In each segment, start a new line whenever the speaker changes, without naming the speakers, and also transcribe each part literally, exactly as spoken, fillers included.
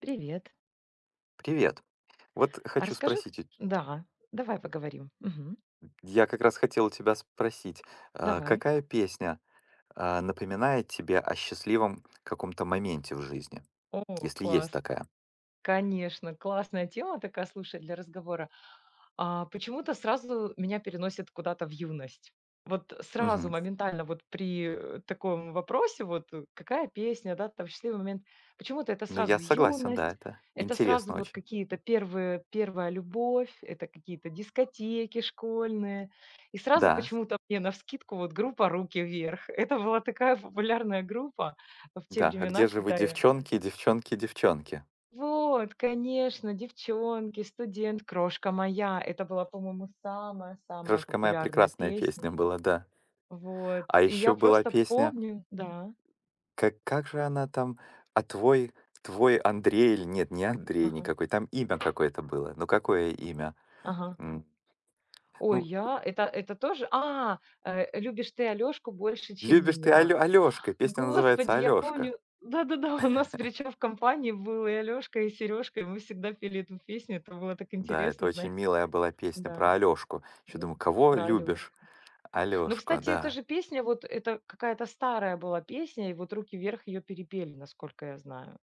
Привет.
Привет. Вот
А
хочу
расскажи
спросить у те
Да, давай поговорим, мгм.
я как раз хотел у тебя спросить. А,
Давай.
какая песня, а, напоминает тебе о счастливом каком-то моменте в жизни?
О,
Если
класс.
есть такая.
Конечно, классная тема такая, слушай, для разговора. А почему-то сразу меня переносит куда-то в юность. Вот сразу
Мгм.
моментально, вот при, э, таком вопросе, вот э: "Какая песня, да, там счастливый момент?" Почему-то это
Ну,
сразу
я согласен, да.
юность,
Это
это сразу
интересно
вот
очень.
какие-то первые первая любовь, это какие-то дискотеки школьные, и сразу
Да.
почему-то мне навскидку вот группа "Руки Вверх!". Это была такая популярная группа в те
Да. "А
времена,
где же вы,
когда я
девчонки, девчонки, девчонки?"
Вот, конечно, "Девчонки", "Студент", "Крошка моя". Это была, по-моему, самая-самая
"Крошка моя"-
популярная
прекрасная
песня.
песня была, да.
Вот,
А
и я
ещё была
просто
песня
помню Да?
Ка как же она там? "А твой твой Андрей" или нет, не Андрей
Ага.
никакой, там имя какое-то было. Ну, какое имя?
Ага.
М.
Ой,
Ну
я это это тоже. А, э "любишь ты Алёшку больше, чем
Любишь ты
меня".
Алё Алёшка! Песня называется
Господи, я
"Алёшка".
помню Да-да-да, у нас, причём, в компании был и Алёшка, и Серёжка, и мы всегда пели эту песню. Это было так
Да, это
интересно,
очень
знае
милая была песня
Да.
про Алёшку. Ещё
Да.
думаю, кого
Про
любишь?
Алёшку. Но,
Алёшку,
кстати, эта
да.
же песня, вот это какая-то старая была песня, и вот "Руки Вверх!" Ее перепели, насколько я знаю.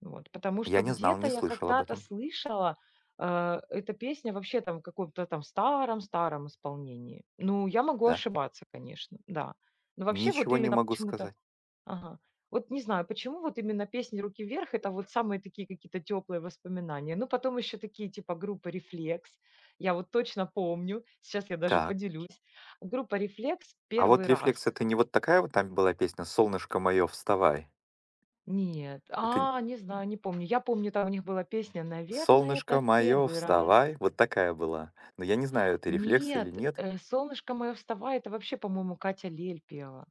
Вот, потому
Я
что
не знал,
где-то
не
я
слышал об
когда-то
этом.
слышала, а, эта песня, вообще там в каком-то там старом старом исполнении. Ну, я могу
Да.
ошибаться, конечно. Да. Ну, вообще, вот
Ничего не
именно
могу
почему-то
сказать.
Ага, вот не знаю, почему вот именно песни "Руки Вверх!"- это вот самые такие какие-то тёплые воспоминания, но потом ещё такие типа группы "Рефлекс". Я вот точно помню. Сейчас я даже
Так.
поделюсь. Группа "Рефлекс" "B
А
первый
вот "Рефлекс"
раз".
это не вот такая вот там была песня "Солнышко моё, вставай?"
Нет,
Это н
а, не знаю, не помню. Я помню, там у них была песня "Наверно, это
"Солнышко
в
моё,
первый раз".
вставай!" Вот такая была. Но я не знаю, это "Рефлекс" или
Нет,
нет.
э, "Cолнышко мое, вставай" это вообще, по-моему, Катя Лель пела,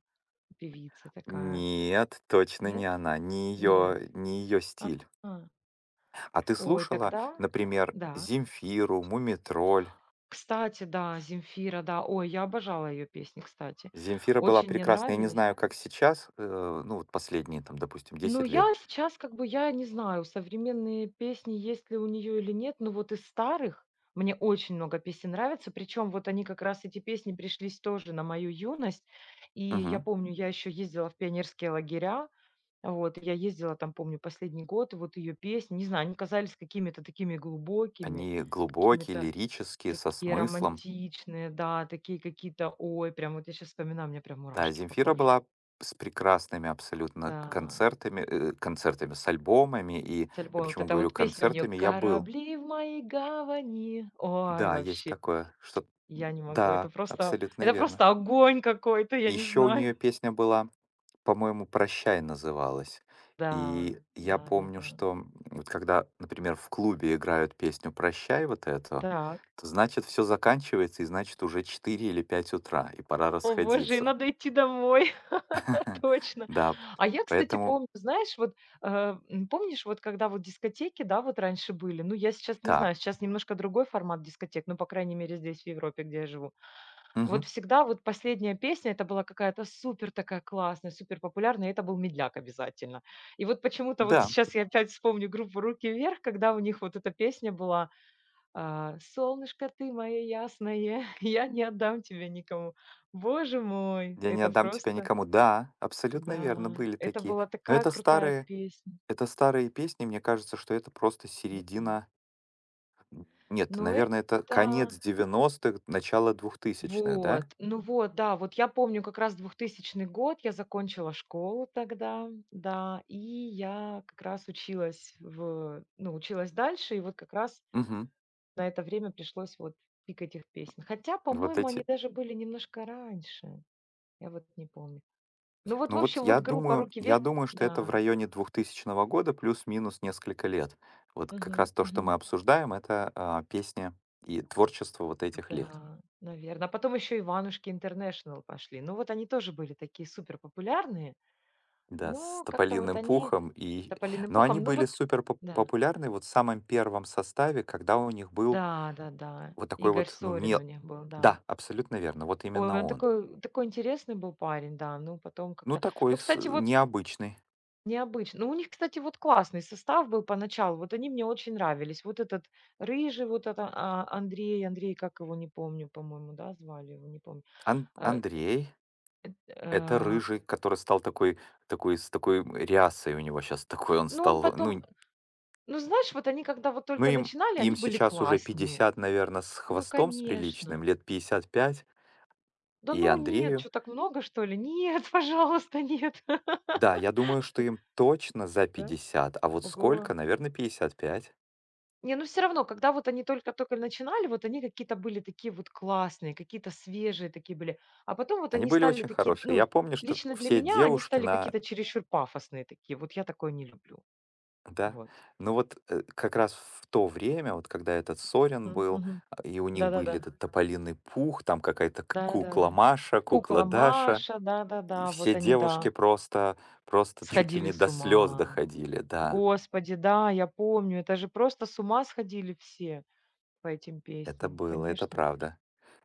певица такая.
Нет, точно не
Нет?
она, не
Нет.
ее не ее
А
стиль.
а.
А ты
Ой,
слушала,
тогда
например,
да?
Земфиру, "Мумий Тролль"?
Кстати, да, Земфира, да. Ой, я обожала ее песни, кстати.
Земфира была
Очень мне
прекрасна. Я не
нравились.
знаю, как сейчас, э ну, вот последние, там, допустим,
Ну,
десять лет.
я сейчас как бы, я не знаю, современные песни есть ли у нее или нет, но вот из старых мне очень много песен нравится. Причем вот они как раз эти песни пришлись тоже на мою юность. И я
Мгм.
помню, я еще ездила в пионерские лагеря. Вот и я ездила там, помню, последний год. И вот ее песни, не знаю, они казались какими-то такими глубокими,
Они глубокие,
какими-то
лирические, со
такие
смыслом.
романтичные, да, такие какие-то, ой, прям вот я щас вспоминаю, у меня прям
Да,
мурашки по
Земфира
коже.
была с прекрасными абсолютно к
Да.
концертами, э э, концертами с альбомами, и
С
я
альбомом вот
почему
эта
говорю
вот песня у неё:
концертами? Я был
"Корабли в моей гавани". Ой,
Да, есть
вообще!
такое, что
Я не могу. Это
да,
просто
абсолютно
это просто
верно.
огонь какой-то,
И
я не
ещё у
знаю!
неё песня была, по-моему, "Прощай" называлась,
Да,
и я
да, да,
помню,
да.
что, м, вот когда, например, в клубе играют песню "Прощай" вот эту,
Так.
то значит всё заканчивается, и, значит, уже четыре или пять утра, и пора
О, боже, и
расходиться.
надо идти домой. Точно.
Да,
А я, кстати,
поэтому
помню, знаешь, вот, а, м, помнишь вот, когда вот дискотеки, да, вот раньше были? Ну, я сейчас не
уТа
знаю, сейчас немножко другой формат дискотек, ну, по крайней мере, здесь, в Европе, где я живу. Вот
Мгм.
всегда вот последняя песня- это была какая-то супер такая классная, суперпопулярная. И это был медляк обязательно. И вот почему-то, вот
Да.
сейчас я опять вспомню группу "Руки Вверх!", Когда у них вот эта песня была, а: "Солнышко ты моё ясное", "я не отдам тебя никому". Боже мой,
"Я не
это
отдам тебя
просто
никому". Да, абсолютно верно,
Да,
были
это
такие.
была
Но
такая
это
крутая
старые
песня.
это старые песни. Мне кажется, что это просто
М м.
середина Нет,
Ну
наверно, это конец
это
девяностых начало двухтысячных, да?
Вот, ну вот, да, вот я помню как раз двухтысячный год, я закончила школу тогда, да, и я как раз училась в ну, училась дальше, и вот как раз
Мгм.
на это время пришлось вот пик этих песен. Хотя,
Вот
по-моему, они
эти
даже были немножко раньше, я вот не помню. Ну, вот, в
Ну, вот
общем,
я
вот группа
думаю
"Руки
я
Вверх!"
думаю, что это в
Да.
районе двухтысячного года, плюс-минус несколько лет. Вот как раз
Мгм,
то, что
мгм.
мы обсуждаем, это, а, песня и творчество вот этих лет.
Да, наверно, а потом ещё "Иванушки International" пошли. Ну вот они тоже были такие супер популярные.
Да, с
Но как-то вот
"Тополиным
они
пухом", и
"Тополиным
но они
пухом"? Ну
были
вот
супер поп
да.
популярны вот в самом первом составе, когда у них был
Да, да-да.
вот такой
Игорь
вот, ну, ме
Сорин у них был, да.
да, абсолютно верно, вот
Ой,
именно
он
он.
такой он такой интересный был парень, да, ну, потом
Ну,
как-то
такой
Ну,
с
кстати вот
необычный.
Необычно. Ну, у них, кстати, вот классный состав был поначалу, вот они мне очень нравились. Вот этот рыжий, вот это а Андрей Андрей, как его, не помню, по-моему, да, звали его, не помню,
Ан
а,
Андрей- это
э, ф
рыжий, который стал такой такой, с такой, м, рясой у него щас, такой он
Ну, он
стал ну
потом
нь
ну, знаешь, вот они, когда вот
Ну,
только
им
начинали,
им
они были
сейчас уже
классные.
пятьдесят, наверно, с
Ну,
хвостом с приличным,
конечно.
лет пятьдесят пять.
Да,
И
ну, нет,
Андрею.
чё, так много что ли? Нет, пожалуйста, нет.
Да, я думаю, что им точно за
Да?
пятьдесят, а вот сколько,
Oго!
наверно, пятьдесят пять.
Не, ну, всё равно, когда вот они только тока начинали, вот они какие-то были такие вот классные, какие-то свежие такие были, а потом вот
Они
они
были
стали
очень
такие,
хорошие. Я
ну,
помню, что
лично для
все
меня, они
девушки
стали
на
какие-то чересчур пафосные такие, вот я такое не люблю.
Да?
Вот.
Ну вот, э, как раз в в то время вот, когда этот Сорин
М,
был,
мгм.
а, и у них были
Да-да-да.
этот "Тополиный Пух", там какая-то к
Да, да, да.
"Kукла Маша, кукла
"Кукла
Даша",
Маша",
и
да-да-да,
все
вот они,
девушки
да.
просто просто чуть ли
Сходили
не до
с
слёз
ума.
доходили, да.
Господи, да, я помню. Это же просто с ума сходили все по этим
Это
песням.
было, это
Конечно,
правда.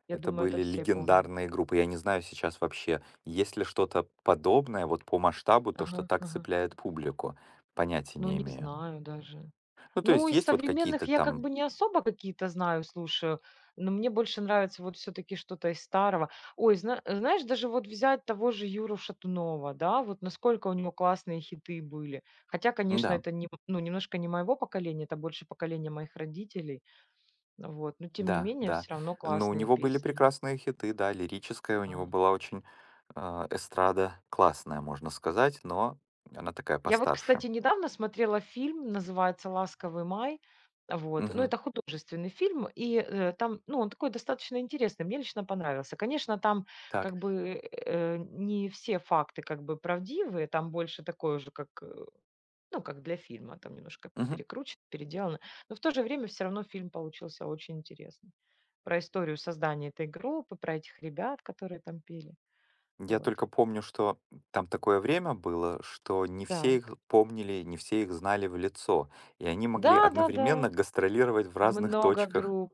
я
Это
думаю, это
были
все помнят.
легендарные группы. Я не знаю сейчас вообще, есть ли что-то подобное вот по масштабу то, что
Ага,
так
ага.
цепляет публику? Понятия
Ну,
не
не
имею.
знаю даже.
Ну, то
Ну,
есть,
из
есть вот
современных
какие-то
я как
там
бы не особо какие-то знаю, слушаю, ну, мне больше нравится вот все-таки что-то из старого. Ой, зна знаешь, даже вот взять того же Юру Шатунова, да, вот насколько у него классные хиты были. Хотя, конечно,
М-да.
это нем ну, немножко не моего поколения, это больше поколения моих родителей, вот, но тем не
Да,
менее,
да,
всё равно
ну, у
классные
него были
песни.
прекрасные хиты, да, лирическая у него
А.
была очень, а, эстрада классная, можно сказать, но она такая
Я вот, кстати,
постарше.
недавно смотрела фильм, называется "Ласковый Май". Вот, ну,
Мгм.
это художественный фильм и, э, там, ну, он такой достаточно интересный, мне лично понравился. Конечно, там
Так.
как бы, э, не все факты как бы правдивые. Там больше такое уже как, э, ну, как для фильма, там немножко
Мгм.
перекручено, переделано. Но в то же время всё равно фильм получился очень интересный. Про историю создания этой группы, про этих ребят, которые там пели.
Я
Вот.
только помню, что там такое время было, что не все их
Так.
помнили, не все их знали в лицо, и они могли одновременно
Да-да-да,
гастролировать в разных
много
точках
групп.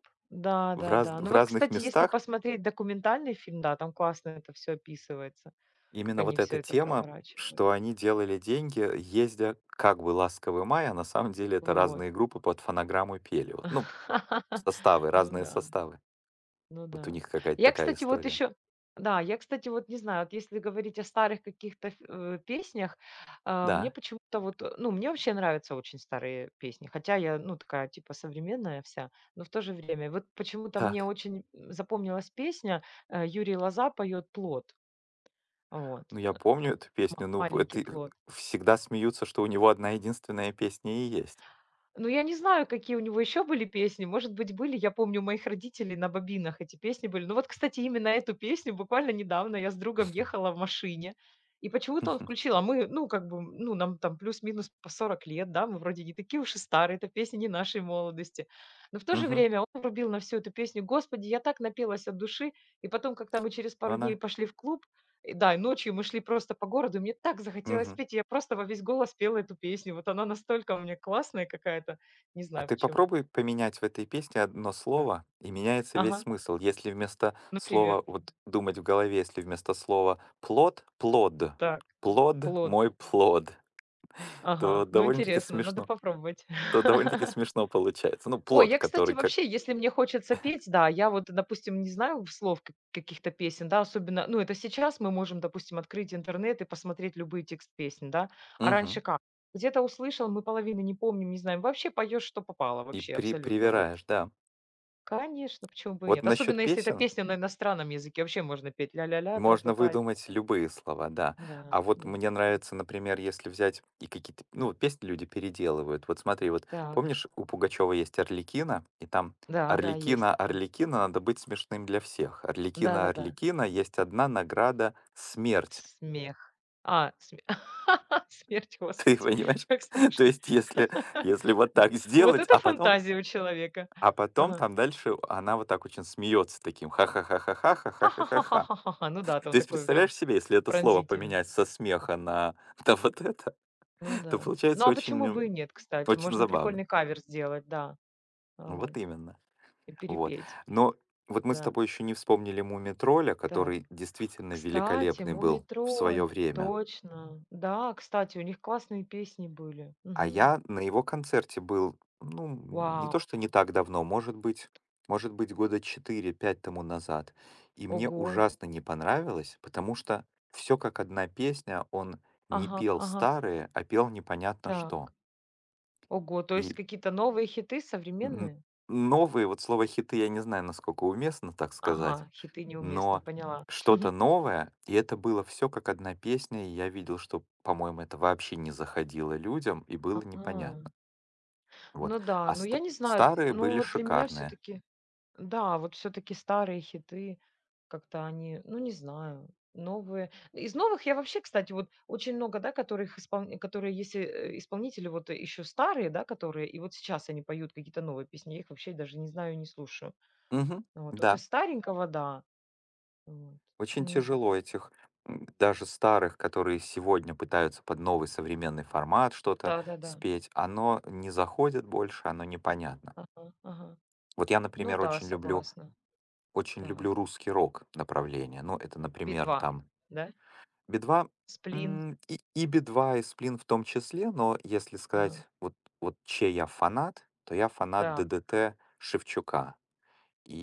в разн
Да-да-да.
в
Ну, вот,
разных
кстати, если
местах.
посмотреть документальный фильм, да, там классно это всё описывается, как
Именно
они
вот
всё
эта
это
тема,
проворачивали.
что они делали деньги, ездя как бы "Ласковый Май", а на самом деле это
Вот.
разные группы под фонограмму пели вот. Ну, составы,
Ну
разные
да.
составы.
Ну
Вот у
да.
них какая-то
Я,
такая
кстати, вот
история.
еще Да, я, кстати, вот не знаю, вот если говорить о старых каких-то ф э, песнях, а мне
Да.
почему-то вот, ну, мне вообще нравятся очень старые песни, хотя я, ну, такая типа современная вся, но в то же время вот почему-то мне
Так.
очень, м, запомнилась песня, а, Юрий Лоза поет "Плот". Вот,
Ну,
э
я
э,
помню эту песню, ну, п
"Маленький
это
плот".
в всегда смеются, что у него одна-единственная песня и есть.
Ну, я не знаю, какие у него еще были песни, может быть, были, я помню у моих родителей на бобинах эти песни были. Но вот, кстати, именно эту песню буквально недавно я с другом
Мгм.
ехала в машине, и почему-то он включил, а мы, ну, как бы, м, ну, нам там плюс-минус по сорок лет, да, мы вроде не такие уж и старые, эта песня не нашей молодости, но в то же
Мгм.
время он врубил на всю эту песню, господи, я так напелась от души! И потом, как-то мы через
Ну,
пару дней
она
пошли в клуб, и да, и ночью мы шли просто по городу, и мне так захотелось
Мгм.
петь, я просто во весь голос пела эту песню. Вот она настолько у меня классная какая-то, не
А
знаю
ты
почему.
попробуй поменять в этой песне одно
А
слово, и меняется весь
ага.
смысл. Если вместо
Например?
слова вот думать в голове, если вместо слова "плот" "плод"."
Так,
Плод,
плод.
мой плод", то
Ага, ну,
довольно-таки
интересно, надо
смешно
попробовать.
то довольно-таки смешно получается. Ну,
Ой,
плод,
я, кстати,
который как
вообще, если мне хочется петь, да, я вот, допустим, не знаю в слов как каких-то песен, да, особенно, ну, это сейчас мы можем, допустим, открыть интернет и посмотреть любые тексты песен, да. А раньше
Мгм.
как? Где-то услышал, мы половины не помним, не знаем, вообще поёшь, что попало,
И
вообще,
при
абсолютно вот.
привираешь, да.
Конечно, почему бы и
Вот
нет,
насчёт
особенно если эта
песен
песня на иностранном языке, вообще можно петь ля ля ля, тра та
можно
та и так
выдумать
далее.
любые слова, да.
Да-да,
А вот
ну.
мне нравится, например, если взять и какие-то п ну, песни люди переделывают. Вот смотри, вот
Так.
помнишь, у Пугачёвой есть "Арлекино", и там
Да-да, есть
"Арлекино,
такое.
Арлекино, надо быть смешным для всех. Арлекинo,
Да-да-да.
Арлекино, есть одна награда смерть".
Смех. А, сме Смерть,
Ты
господи.
понимаешь?
Как
То
страшно.
есть, если если вот так
Вот
сделать,
это
а потом
фантазия у человека!
а потом
Ага.
там дальше она вот так очень смеётся таким: ха ха ха ха ха ха
Ха
ха ха
ха
ха
ха ха
ха.
ха ха ха, ну да,
То
там
есть,
такой он прям
представляешь себе, если это слово
пронзительный.
поменять со смеха на та вот это
Ну
то
да. Ну,
получается
а
очень,
почему бы и
м,
нет, кстати?
очень
Можно
забавно.
прикольный кавер сделать, да. А
Ну,
вот.
вот именно.
И
Вот,
перепеть.
но вот мы с
Да.
тобой ещё не вспомнили "Мумий Тролля",
Так,
который действительно
кстати,
великолепный
"Мумий
был в своё
Тролль",
время.
точно. Да, кстати, у них классные песни были.
А
Мгм.
я на его концерте был, ну, м, не
Вау.
то что не так давно, может быть может быть, года четыре, пять тому назад, и мне
Ого.
ужасно не понравилось, потому что всё как одна песня, он не
Ага,
пел
ага.
старые, а пел непонятно
Так.
что.
Ого, то есть
И.
какие-то новые хиты
М
современные?
м, новые, вот слово "хиты", я не знаю, насколько уместно так сказать,
Ага, хиты- неуместно,
но
поняла.
что-то новое, и это было всё как одна песня. И я видел, что, по-моему, это вообще не заходило людям, и было
А.
непонятно. Вот,
Ну да,
а
ну,
ста
я не знаю, н
старые
ну,
были
вот для меня
шикарные.
все-таки да, вот все-таки старые хиты как-то они, ну, не знаю. Новые, из новых я вообще, кстати, вот очень много, да, которых исполн которые есть, э, исполнители вот еще старые, да, которые и вот сейчас они поют какие-то новые песни, я их вообще даже не знаю и не слушаю.
Мгм,
Вот вот
да.
из старенького да. Вот.
Очень
Не зн
тяжело этих м, даже старых, которые сегодня пытаются под новый современный формат что-то
Да-да-да.
спеть, оно не заходит больше, оно непонятно.
Ага, ага.
Вот я,
Ну
например,
да,
очень люблю
согласна,
очень люблю
так.
русский рок направление. Ну, это, например,
"Би-2",
там
да?
"Би-2"?
"Сплин"?
М, и и "Би-2", и "Сплин" в том числе, но если
Ага.
сказать, вот вот чей я фанат, то я фанат
Так.
"ДДТ" Шевчука,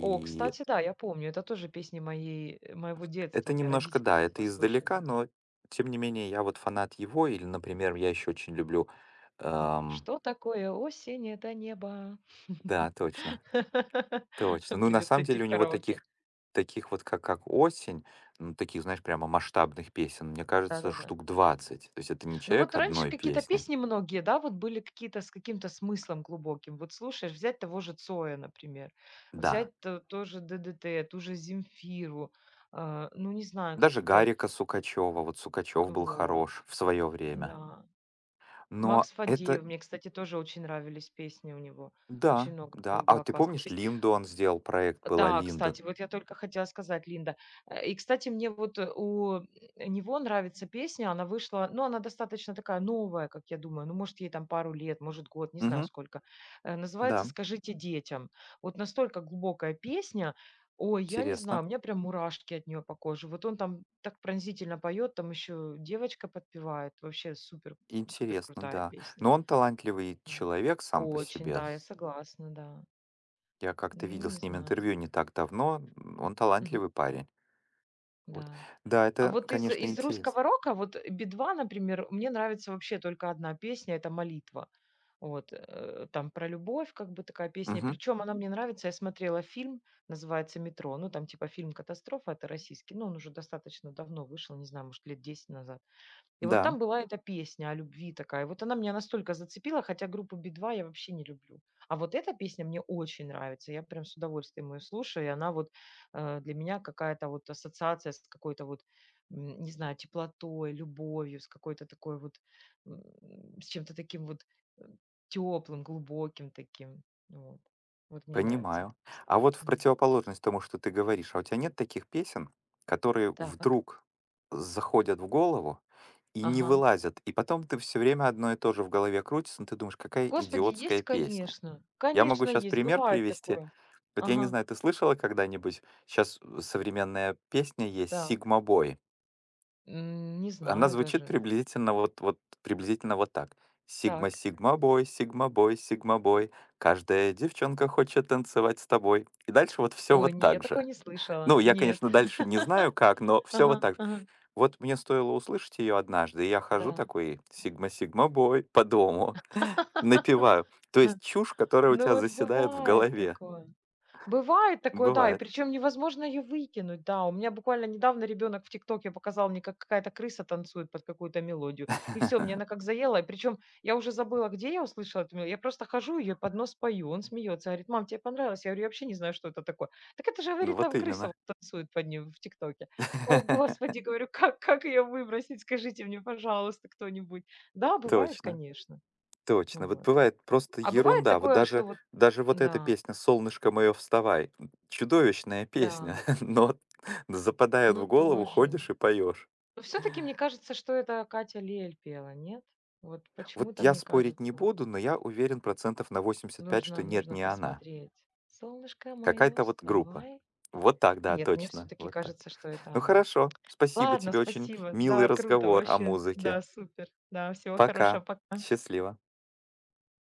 О, кстати, да, я помню. Это тоже песни моей э, моего детства.
Это
У меня
немножко
родители
да,
такое
это издалека,
слушали.
но тем не менее я вот фанат его, или, например, я ещё очень люблю, ам
"Что такое осень? Это небо".
Да, точно, точно. Ну, на
Придётся
самом
идти
деле
в
у него
караоке.
таких таких вот как как "Осень", м таких, знаешь, прямо масштабных песен, мне кажется,
Да-да-да.
штук двадцать. То есть это не
Ну, вот
человек
раньше
одной
какие-то
песни.
песни многие, да, вот были какие-то с каким-то смыслом глубоким. Вот слушаешь, взять того же Цоя, например,
Да.
взять т тоже "ДДТ", ту же Земфиру, а, ну, не знаю,
Даже
какие-то
Гарика Сукачёва. Вот Сукачёв
А,
был
вот.
хорош в своё время.
Н-да.
Но
Макс
это
Фадеев, мне, кстати, тоже очень нравились песни у него, очень
Да,
много у
да.
него
А
было
ты
классных
помнишь,
песен.
Линду он сделал проект? Была
Да,
Линда.
кстати, вот я только хотела сказать, Линда. Э, и, кстати, мне вот у него нравится песня, она вышла, ну, она достаточно такая новая, как я думаю, ну, может, ей там пару лет, может год, не знаю,
Мгм.
сколько. Э, называется
Да.
"Скажите детям". Вот настолько глубокая песня. Ой, я не знаю,
Интересно.
у меня прям мурашки от нее по коже, вот он там так пронзительно поет, там еще девочка подпевает. Вообще супер супер
Интересно,
крутая
да.
песня.
Но он талантливый
Вот.
человек сам по
Очень,
себе
да,
с
я согласна, да.
Я как-то
Ну,
видел
не
с ним
знаю.
интервью не так давно. М, он
Мгм.
талантливый парень. Вот.
Да.
Да,
А
это,
вот из
конечно,
из
интересно.
русского рока, вот "Би-2", например, мне нравится вообще только одна песня это "Молитва". Вот, э, там про любовь как бы такая песня. И
Мгм.
причем, она мне нравится. Я смотрела фильм, называется "Метро", ну, там типа фильм-катастрофа это российский, ну, он уже достаточно давно вышел, не знаю, может лет десять назад. И вот
Да.
там была эта песня о любви такая. Вот она меня настолько зацепила, хотя группу "Би-2" я вообще не люблю. А вот эта песня мне очень нравится, я прям с удовольствием ее слушаю, и она вот, а, для меня какая-то вот ассоциация с какой-то вот, м, не знаю, теплотой, любовью, с какой-то такой вот, м, с чем-то таким вот, эм, тёплым, глубоким таким. Вот. Вот мне нравится эта
Понимаю.
песня.
А вот в
Мгм.
противоположность тому, что ты говоришь, а у тя нет таких песен, которые
Так.
вдруг заходят в голову и не
Ага.
вылазят, и потом ты всё время одно и то же в голове крутится, ну, ты думаешь: "Kакая
Господи,
идиотская
есть,
песня".
конечно.
Я могу
Конечно,
щас
есть.
пример
Бывает
привести.
такое.
Вот я не
Ага.
знаю, ты слышала когда-нибудь, щас современная песня есть
Так.
"Сигма-бой".
Не
Она
знаю
звучит
даже.
приблизительно вот вот приблизительно вот так: "Сигма,
Так.
Cигма-бой, Cигма-бой, Cигма-бой. Каждая девчонка хочет танцевать с тобой". И дальше вот всё
Ой,
вот
не, я
так
такое
же.
не слышала,
Ну, я,
нет.
конечно, дальше не знаю как, но всё вот
Ага.
так же.
Ага.
Вот мне стоило услышать её однажды, и я хожу
Да.
такой: "Cигма Сигма-бой", по дому, напеваю. То есть чушь, которая у
Ну,
тя
вот
заседает в
бывает
голове.
такое бывает
Ну,
такое, да, и
бывает.
причем невозможно её выкинуть, да. У меня буквально недавно ребёнок в "Тиктоке" показал мне, как какая-то крыса танцует под какую-то мелодию. И всё, мне она как заела, и причем я уже забыла, где я услышала эту мелодию, я просто хожу ее и под нос пою. Он смеется, говорит: "Мам, тебе понравилось?" Я говорю: "Я вообще не знаю, что это такое". "Так это же"-
Ну,
говорит.-
вот
"Там крыса
именно.
вот танцует под нее в "Тиктоке"". "О, господи!"- говорю.- "Как, как ее выбросить? Скажите мне, пожалуйста, кто-нибудь". Да, бывает,
Точно.
конечно. Ну
Точно, вот
вот.
бывает просто
А бывает
ерунда вот
такое, что
даже,
вот
даже вот эта
да.
песня "Cолнышко моё, вставай!" М, чудовищная песня,
Да.
но вот но западают
Ну,
в голову,
тоже.
ходишь и поёшь.
Но всё-таки, мне кажется, что это Катя Лель пела, нет? Вот
Вот
почему-то
я
мне
спорить не
кажется.
буду, но я уверен процентов на восемьдесят пять, что
Нужно,
нет,
нужно
не она.
посмотреть. Солнышко мое,
Какая-то вот группа.
вставай.
Вот так. Да,
Нет, мне
точно.
все-таки
Вот так.
кажется, что это
Ну,
она.
хорошо, спасибо
Ладно,
тебе, очень
спасибо.
милый
Да, круто,
разговор о
вообще.
музыке.
Да, супер. Да, всего хорошего.
Пока!
Пока!
Счастливо!